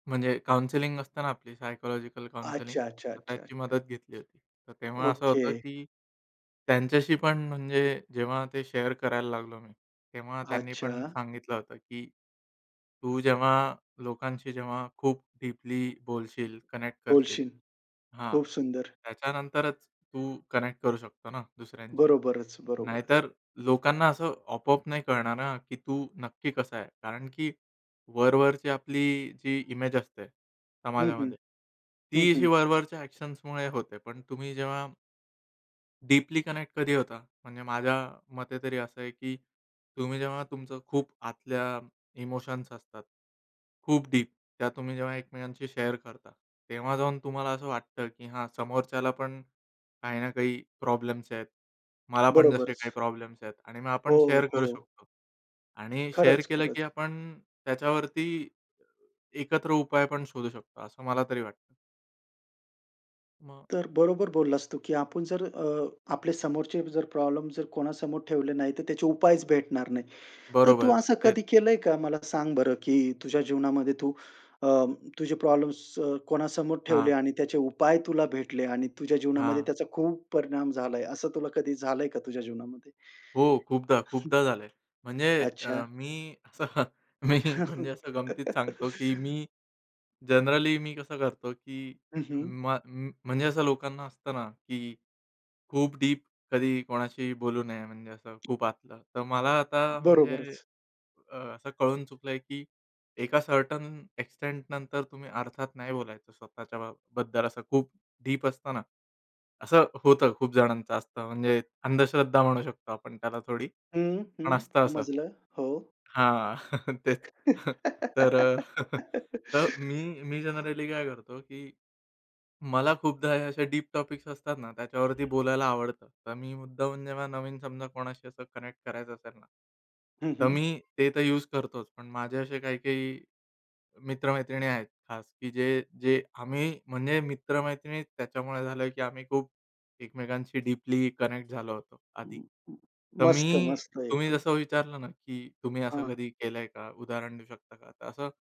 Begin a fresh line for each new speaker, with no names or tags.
म्हणजे काउन्सेलिंग असतं ना, आपली सायकॉलॉजिकल काउन्सेलिंग,
अच्छा, अच्छा,
तर
अच्छा,
त्याची
अच्छा.
मदत घेतली होती. तर तेव्हा असं होतं,
ओके.
की त्यांच्याशी पण म्हणजे जेव्हा ते शेअर करायला लागलो मी, तेव्हा त्यांनीपण
अच्छा.
सांगितलं होतं, की तू जेव्हा लोकांशी जेव्हा खूप डीपली बोलशील, कनेक्ट करशील
बोलशील,
हां,
खूप सुंदर.
त्याच्यानंतरच तू कनेक्ट करू शकतो ना दुसऱ्यांशी.
बरोबरच, बरोबरच.
नाहीतर लोकांना असं अपो-आप नाही कळणार ना, की तू नक्की कसा आहे? कारण की वर-वरची आपली जी इमेज असते
हं, हं,
समाजामध्ये,
हं,
ती अशी
हं.
वर-वरच्या ॲक्शन्समुळे होते. पण तुम्ही जेव्हा डीपली कनेक्ट कधी होता? म्हणजे माझ्या मते तरी असं आहे, की तुम्ही जेव्हा तुमचं खूप आतल्या इमोशन्स असतात, खूप डीप त्या तुम्ही जेव्हा एकमेकांशी शेअर करता, तेव्हा जाऊन तुम्हाला असं वाटतं, की हा समोरच्याला पण काही ना काही प्रॉब्लेम्स आहेत. मला पण जसे काही
बरोबरच.
प्रॉब्लेम्स आहेत आणि मग आपण
हो,
शेअर करू
हो.
शकतो आणि शेअर
खरंच,
केलं,
खरंच.
की आपण त्याच्यावरती एकत्र उपाय पण शोधू शकतो, असं मला तरी वाटतं. मग
तर बरोबर बोललास तू, की आपण जर अ, आपले समोरचे जर प्रॉब्लेम जर कोणासमोर ठेवले नाही, तर त्याचे उपायच भेटणार नाही. तर तू
बरोबर,
असं
तेच.
कधी केलंय का? मला सांग बरं, की तुझ्या जीवनामध्ये तू अ, तुझे प्रॉब्लेम्स अ, कोणासमोर ठेवले
हां.
आणि त्याचे उपाय तुला भेटले आणि तुझ्या जीवनामध्ये
हां.
त्याचा खूप परिणाम झालाय, असं तुला कधी झालंय का तुझ्या जीवनामध्ये?
हो, खूपदा,
हं.
खूपदा झालंय. म्हणजे अ,
अच्छा.
मी असं मी म्हणजे असं गमतीत सांगतो, की मी जनरली मी कसं करतो, की
हं, हं.
मग म म्हणजे असं लोकांना असतं ना, की खूप डीप कधी कोणाशीही बोलू नये. म्हणजे असं खूप आतलं. तर मला आता म्हणजे
बरोबरच.
अ, असं कळून चुकलंय, की एका सर्टेन एक्सटेंटनंतर तुम्ही अर्थात, नाही बोलायचं स्वतःच्या बा बद्दल असं खूप डीप असतना. असं होतं खूप जणांचं असतं. म्हणजे अंधश्रद्धा म्हणू शकतो आपण त्याला थोडी,
हं, हं,
पण असतं असं
समजलं, हो.
हां, तेच तर मी मी जनरली काय करतो, की मला खूपदा हे असे डीप टॉपिक्स असतात ना, त्याच्यावरती बोलायला आवडतं. तर मी मुद्दामून जेव्हा नवीन समजा कोणाशी असं कनेक्ट करायचं असेल ना,
हं,
तर
हं.
मी ते तर यूज करतोच. पण माझे असे काही-काही मित्र-मैत्रिणी आहेत खास, की जे-जे आम्ही म्हणजे मित्र-मैत्रिणी त्याच्यामुळे झालोय, की आम्ही खूप एकमेकांशी डीपली कनेक्ट झालो होतो आधी. तर
मस्त,
मी
मस्त,
तुम्ही
एकदम.
जसं विचारलं ना, की तुम्ही असं
हां.
कधी केलंय का? उदाहरण देऊ शकता का? तर असं